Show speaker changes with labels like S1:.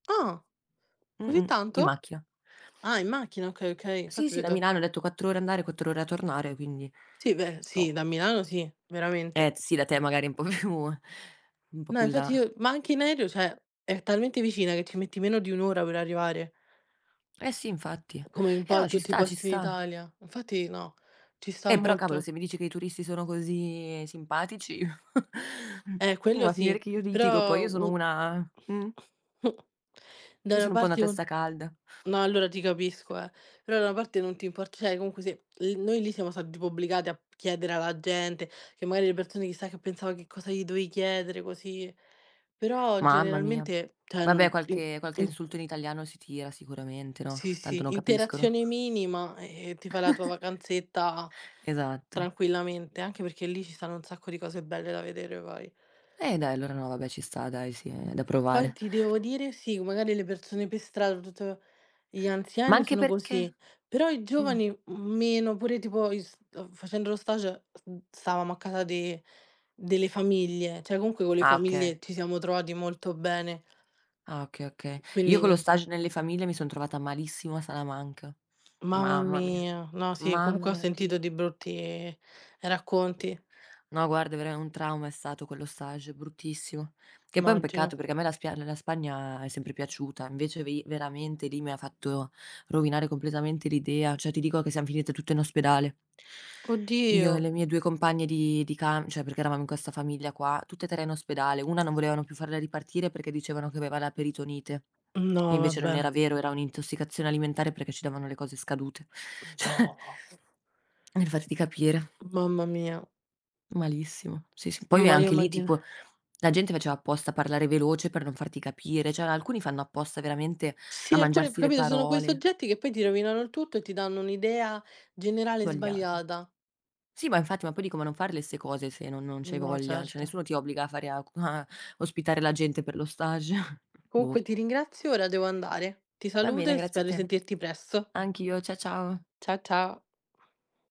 S1: Ah! Così
S2: Mh-mh. In
S1: tanto?
S2: macchina.
S1: Ah, in macchina okay okay,
S2: Sì,
S1: infatti ho
S2: sì, da
S1: detto
S2: Milano ho detto 4 ore andare, 4 ore a tornare, quindi
S1: Sì, beh sì, da
S2: top.
S1: Milano sì,
S2: Eh,
S1: veramente.
S2: t sì da te magari un po' più un po'
S1: No,
S2: più in
S1: infatti
S2: là.
S1: io ma anche in aereo, cioè, è talmente vicina che ci metti meno di 1 ora per arrivare.
S2: Eh, sì, infatti.
S1: Come in
S2: Eh,
S1: po'
S2: no ci
S1: tutti i
S2: sta, ci
S1: posti in
S2: sta.
S1: Italia. Infatti no, ci sta
S2: Eh, però cavolo
S1: molto.
S2: se mi dici che i turisti sono così simpatici,
S1: Eh, quello
S2: va
S1: sì,
S2: finire che io litigo, poi
S1: però
S2: io sono
S1: un
S2: una Mh.
S1: da
S2: Io
S1: una
S2: sono un po' una
S1: parte un
S2: testa calda.
S1: No, allora, ti capisco, eh. Però, da una parte non ti import cioè, comunque, sì, l noi lì siamo stati tipo obbligati a p chiedere alla gente che, magari, le persone chissà che pensava che cosa gli dovevi chiedere, così Però,
S2: Mamma mia.
S1: generalmente cioè, non
S2: Vabbè,
S1: i
S2: qualche
S1: i
S2: qualche insulto in
S1: mhmm
S2: italiano si tira sicuramente, no,
S1: Sì,
S2: tanto non
S1: sì.
S2: capiscono.
S1: Interazione minima, e e ti fai la tua vacanzetta
S2: Esatto.
S1: tranquillamente, anche perché lì ci stanno un sacco di cose belle da vedere poi.
S2: Eh, dai, allora no, vabbè ci sta dai sì, è da
S1: Poi,
S2: provare.
S1: ti devo dire, sì, magari le persone per strada, tutt gli
S2: Ma
S1: anziani
S2: anche
S1: sono così,
S2: perché
S1: però i
S2: Mh.
S1: giovani, mhmm, meno pure tipo i s uhm, facendo lo stage, mhmm, stavamo a casa de delle famiglie, cioè, comunque con le
S2: Ah, oka
S1: famiglie ci siamo trovati molto bene.
S2: Ah, oka oka Io con
S1: Quindi
S2: lo stage nelle famiglie mi son trovata malissimo a Salamanca.
S1: Mamma
S2: Mamma mia,
S1: mia. No, sì,
S2: mamma
S1: comunque ho
S2: mia, non ti
S1: sentito
S2: dico.
S1: di brutti racconti.
S2: No, guarda, verame un trauma è stato quello stage bruttissimo. Che poi è un peccato
S1: Immagino.
S2: perché a me la spia ehm, la Spagna è sempre piaciuta, invece vi veramente lì mi fatto rovinare completamente l'idea, cioè, ti dico che siam finite tutte in ospedale. Io e
S1: Oddio.
S2: le mie 2 compagne di di cam cioè, perché eravamo in questa famiglia qua, tutte e 3 in ospedale, una non volevano più farla ripartire perché dicevano che aveva la peritonite, e
S1: No,
S2: invece non era
S1: vabbè.
S2: vero, era un'intossicazione alimentare perché ci davano le cose scadute.
S1: Mh.
S2: Cioè,
S1: No.
S2: per farti capire.
S1: Mamma mia.
S2: Malissimo. Sì, sì.
S1: Non
S2: Poi,
S1: voglio
S2: anche lì,
S1: immagina
S2: tipo la gente faceva apposta parlare veloce per non farti capire, cioè alcuni fanno apposta veramente a
S1: Sì, alcune,
S2: mangiarsi
S1: poi
S2: le
S1: capito ci sono quei
S2: parole.
S1: soggetti che poi ti rovinano il tutto e ti danno un'idea generale
S2: Svogliata.
S1: sbagliata.
S2: Sì, ma infatti, ma poi dico come non fare le ste cose se non non c'hai
S1: No,
S2: voglia. Cioè,
S1: certo.
S2: nessuno ti obbliga a fare a cu a ospitare la gente per lo stage. Boh.
S1: Comunque ti ringrazio, ora devo andare. Ti
S2: Va
S1: saluto,
S2: bene,
S1: e
S2: grazie a
S1: spero di
S2: te.
S1: sentirti presto.
S2: Anch'io, cia ciao.
S1: Cia cia